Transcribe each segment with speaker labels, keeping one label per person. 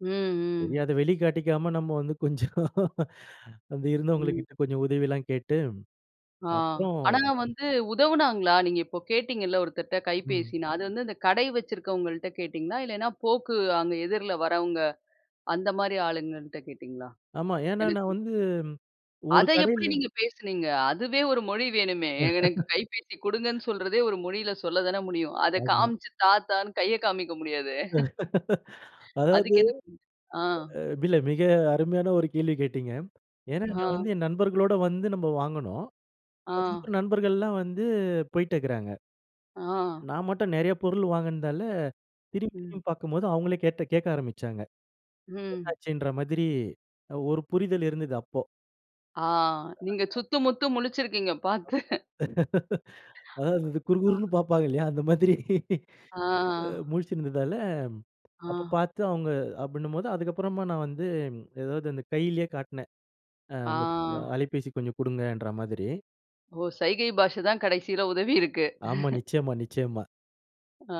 Speaker 1: ம்,
Speaker 2: சரி.
Speaker 1: ம்.
Speaker 2: அத வெளிக்காட்டிக்காம நம்ம வந்து கொஞ்சம் அங்க
Speaker 1: ம்.
Speaker 2: இருந்தவங்ககிட்ட கொஞ்சம் உதவி எல்லாம் கேட்டு,
Speaker 1: ஆ
Speaker 2: அப்புறம்
Speaker 1: ஆனா வந்து உதவுனாங்களா? நீங்க இப்ப கேட்டீங்கல்ல ஒருத்தர்ட்ட
Speaker 2: ம்.
Speaker 1: கைபேசின்னு, அது வந்து இந்த கடை வச்சிருக்கவங்கள்ட்ட கேட்டீங்களா? இல்லன்னா போக்கு அங்க எதிர்ல வரவங்க அந்தமாரி ஆளுங்கக்கிட்ட கேட்டீங்களா?
Speaker 2: ஆமா. ஏன்னா, நான்
Speaker 1: எனக்கு
Speaker 2: வந்து ஒரு
Speaker 1: அத எப்பிடி
Speaker 2: கடையில.
Speaker 1: நீங்க பேசுனீங்க? அதுவே ஒரு மொழி வேணுமே. எனக்கு கைபேசி குடுங்கன்னு சொல்றதே! ஒரு மொழில சொல்ல தான முடியும். அத
Speaker 2: ஆமா.
Speaker 1: காமிச்சு தா! தா! ன்னு கைய காமிக்க முடியாதே!
Speaker 2: அதாவது
Speaker 1: அதுக்கு என்ன [unintelligible] ஆ.
Speaker 2: அ இல்ல. மிக அருமையான ஒரு கேள்வி கேட்டீங்க. ஏன்னா, நான்
Speaker 1: ஆ.
Speaker 2: வந்து என் நண்பர்களோட வந்து நம்ம வாங்குனோம்.
Speaker 1: ஆ.
Speaker 2: [unintelligible] நண்பர்கள்லாம் வந்து போயிட்டு இருக்கிறாங்க.
Speaker 1: ஆ.
Speaker 2: நான் மட்டும் நிறைய பொருள் வாங்குனதால, திரும்பி,
Speaker 1: ம்.
Speaker 2: திரும்பி பார்க்கும்போது அவுங்களே கேட்டு கேட்க ஆரம்பிச்சாங்க. என்ன
Speaker 1: ம்.
Speaker 2: ஆச்சுன்ற மாதிரி அ ஒரு புரிதல் இருந்தது. அப்போ!
Speaker 1: ஆ நீங்க சுத்து முத்து முழிச்சிருக்கீங்க பார்த்து!
Speaker 2: அதாவது இது
Speaker 1: அ
Speaker 2: குறுகுருன்னு பார்ப்பாங்க இல்லயா! அந்த மாதிரி.
Speaker 1: ஆ.
Speaker 2: அ முழிச்சிருந்ததால அப்ப
Speaker 1: ஆ.
Speaker 2: பார்த்து அவுங்க அப்பிடின்னும்போது அதுக்கப்பறமா நான் வந்து எதாவது அந்த கையிலேயே காட்னேன் அ
Speaker 1: ஆ.
Speaker 2: அந்த அ அலைபேசி கொஞ்சம் குடுங்கன்ற மாதிரி.
Speaker 1: ஓ! சைகை பாஷ தான் கடைசில உதவி இருக்கு.
Speaker 2: ஆமா. நிச்சயமா, நிச்சயமா.
Speaker 1: ஆ.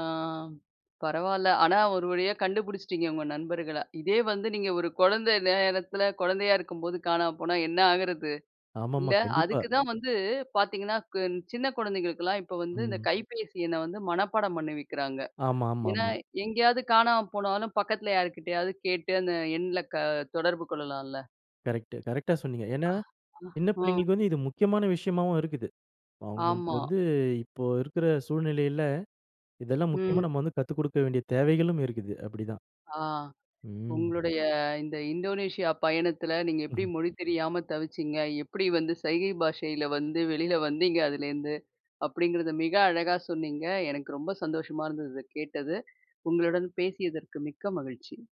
Speaker 1: பரவால்ல. ஆனா, ஒரு வழியா கண்டுபிடிச்சிட்டீங்க உங்க நண்பர்கள. இதே வந்து நீங்க ஒரு குழந்த நேரத்துல குழந்தையா இருக்கும்போது காணாம போனா என்ன ஆகுறது?
Speaker 2: ஆமாமா.
Speaker 1: இல்ல
Speaker 2: கண்டிப்பா.
Speaker 1: அதுக்கு தான் வந்து பார்த்தீங்கன்னா, கு சின்ன குழந்தைகளுக்கெல்லாம் இப்ப வந்து இந்த
Speaker 2: ம்.
Speaker 1: கைபேசி எண்ண வந்து மனப்பாடம் பண்ணி வைக்கிறாங்க. ஏன்னா,
Speaker 2: ஆமாமாமா.
Speaker 1: எங்கேயாவது காணாம போனாலும் பக்கத்தில யாருக்கிட்டயாவது கேட்டு அந்த எண்ல க தொடர்பு கொள்ளலாம்ல.
Speaker 2: கரெக்ட் கரெக்ட்டா சொன்னீங்க. ஏன்னா, சின்ன
Speaker 1: ஆ.
Speaker 2: பிள்ளைங்களுக்கு வந்து இது முக்கியமான விஷயமாவும் இருக்குது. அவுங்களுக்கு
Speaker 1: ஆமா.
Speaker 2: வந்து இப்போ இருக்கிற சூழ்நிலையில இதெல்லாம் முக்கியமா
Speaker 1: ம்.
Speaker 2: நம்ம வந்து கத்துக் குடுக்க வேண்டிய தேவைகளும் இருக்குது. அப்பிடிதான்.
Speaker 1: ஆ.
Speaker 2: ம்.
Speaker 1: உங்களுடைய இந்த இந்தோனேஷியா பயணத்தில நீங்க எப்பிடி
Speaker 2: ம்.
Speaker 1: மொழி தெரியாம தவிச்சிங்க? எப்பிடி வந்து சைகை பாஷையில வந்து வெளில வந்தீங்க? அதுலேருந்து, அப்பிடிங்கிறத மிக அழகா சொன்னீங்க. எனக்கு ரொம்ப சந்தோஷமா இருந்தது. இத கேட்டது. உங்களுடன் பேசியதற்கு மிக்க மகிழ்ச்சி.